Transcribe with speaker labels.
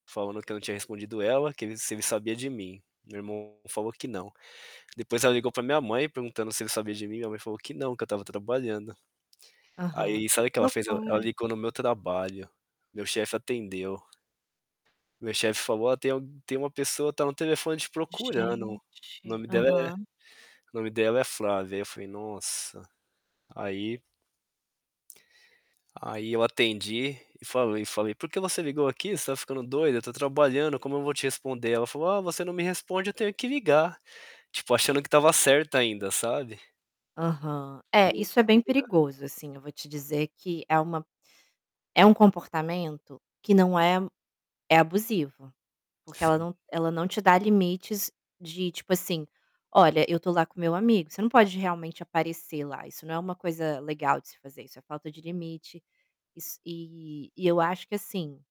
Speaker 1: Falando que eu não tinha respondido ela, que ele se ele sabia de mim. Meu irmão falou que não. Depois ela ligou pra minha mãe perguntando se ele sabia de mim, minha mãe falou que não, que eu estava trabalhando.
Speaker 2: Aham.
Speaker 1: Aí sabe o
Speaker 2: Que
Speaker 1: que ela fez? El ela
Speaker 2: loucura.
Speaker 1: ligou no meu trabalho. Meu chefe atendeu. Meu chefe falou: "Ó, tem al tem uma pessoa tá no telefone te procurando. O
Speaker 2: Gente.
Speaker 1: nome dela é o
Speaker 2: Aham.
Speaker 1: nome dela é Flávia". Aí eu falei: "Nossa". Aí aí eu atendi e falei falei: "Por que você ligou aqui? Você tá ficando doida? Eu tô trabalhando, como eu vou te responder?". Ela falou: "Ah, você não me responde, eu tenho que ligar". Tipo, achando que estava certa ainda, sabe?
Speaker 2: Aham. É,
Speaker 1: "Tenho
Speaker 2: isso é
Speaker 1: que te
Speaker 2: bem
Speaker 1: ligar".
Speaker 2: perigoso, assim, eu vou te dizer que é uma é um comportamento que não é é abusivo, porque ela
Speaker 1: Sim.
Speaker 2: não ela não te dá limites de, tipo assim: "Olha, eu tô lá com o meu amigo, você não pode realmente aparecer lá". Isso não é uma coisa legal de se fazer, isso é falta de limite. Is e e eu acho que, assim